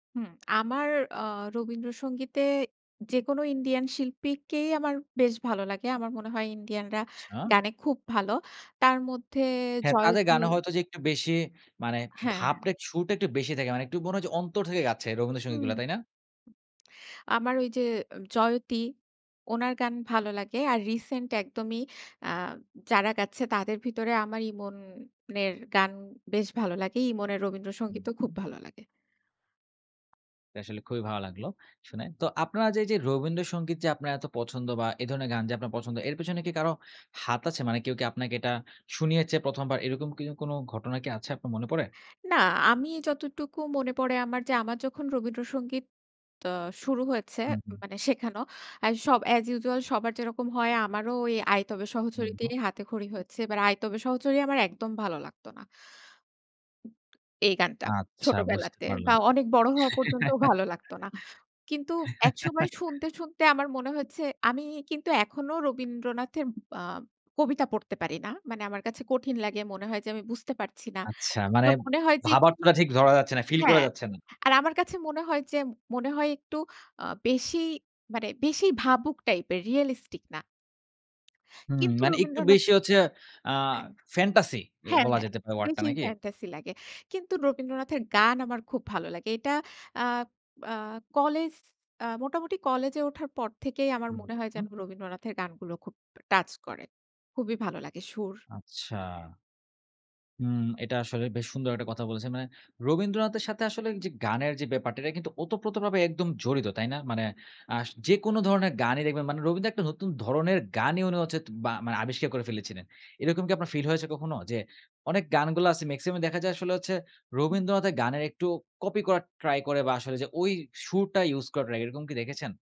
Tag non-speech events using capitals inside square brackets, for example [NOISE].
হুম, আমার আ রবীন্দ্রসঙ্গীতে যেকোনো ইন্ডিয়ান শিল্পীকেই আমার বেশ ভালো লাগে। আমার মনে হয় ইন্ডিয়ানরা আচ্ছা। গানে খুব ভালো তার মধ্যে হ্যাঁ, তাদের জয়তী গানে হয়তো যে একটু বেশি মানে হ্যাঁ। ভাবটা, সুরটা কিছুটা একটু বেশি থাকে, মানে একটু মনে হয় যে অন্তর থেকে গাচ্ছে হুম। রবীন্দ্রসঙ্গীতগুলা, তাই না? আমার ওই যে অ জয়তী, ওনার গান ভালো লাগে। আর রিসেন্ট একদমই আ যারা গাচ্ছে তাদের ভিতরে আমার ইমনের গান বেশ ভালো লাগে। ইমনের রবীন্দ্র হুম, সঙ্গীতও হুম। খুব ভালো লাগে। এটা আসলে খুবই ভালো লাগলো শোনে। তো আপনারা যে এই যে রবীন্দ্রসঙ্গীত যে আপনার এত পছন্দ বা এ ধরনের গান যে আপনার পছন্দ এর পেছনে কি কারো হাত আছে? মানে কেউ কি আপনাকে এটা শুনিয়েছে প্রথমবার এরকম কি কোন ঘটনা কি আছে আপনার মনে পড়ে? না, আমি যতটুকু মনে পড়ে আমার যে আমার যখন রবীন্দ্রসঙ্গীত ত শুরু হয়েছে, হুম, হুম। মানে শেখানো; এ সব অ্যাজ ইউজুয়াল সবার যেরকম হয় আমারও ওই "আইতবে হুম, সহচরীতে হুম। হাতেখড়ি" হয়েছে। বাট "আইতবে সহচরী" আমার একদম ভালো লাগত না। এই গানটা, আচ্ছা বুঝতে ছোটবেলাতে বা পারলাম। অনেক বড় হওয়া পর্যন্তও ভালো লাগতো না। কিন্তু একসময় [LAUGHS] শুনতে, শুনতে আমার মনে হয়েছে আমি কিন্তু এখনো রবীন্দ্রনাথের আ কবিতা পড়তে পারি না, মানে আমার কাছে কঠিন লাগে, মনে হয় যে আমি বুঝতে পারছি না, আচ্ছা, মানে মনে হয় যে একটু ভাবার্থটা ঠিক ধরা যাচ্ছে না, ফিল করা হ্যাঁ। যাচ্ছে না। আর আমার কাছে মনে হয় যে মনে হয় একটু আ বেশি মানে, বেশি ভাবুক টাইপ এর রিয়ালিস্টিক না হুম কিন্তু মানে একটু রবীন্দ্রনাথ বেশি হচ্ছে অ্যা হ্যাঁ। ফ্যানটাসি, এ হ্যাঁ, বলা হ্যাঁ, যেতে পারে ওয়ার্ডটা বেশিই নাকি? ফ্যানটাসি লাগে। কিন্তু রবীন্দ্রনাথের গান আমার খুব ভালো লাগে, এটা আ আ কলেজ আ মোটামুটি কলেজে ওঠার পর থেকেই আমার হুম, মনে হয় যেন, হুম। রবীন্দ্রনাথের গানগুলো খুব টাচ করে, খুবই ভালো লাগে সুর। আচ্ছা। হুম, এটা আসলে বেশ সুন্দর একটা কথা বলেছেন মানে, রবীন্দ্রনাথের সাথে আসলে যে গানের যে ব্যাপারটা এটা কিন্তু ওতপ্রোতভাবে একদম জড়িত তাই না? মানে আশ যেকোন ধরনের গানই দেখবেন মানে, রবীন্দ্র একটা নতুন ধরনের গানই উনি হচ্ছে বা মানে আবিষ্কার করে ফেলেছিলেন। এরকম কি আপনার ফিল হয়েছে কখনো যে, অনেক গানগুলো আছে মেক্সিমামই দেখা যায় আসলে হচ্ছে হুম। রবীন্দ্রনাথের গানের একটু কপি করার ট্রাই করে বা আসলে যে ওই সুরটা ইউস করার ট্রাই এরকম কি দেখেছেন?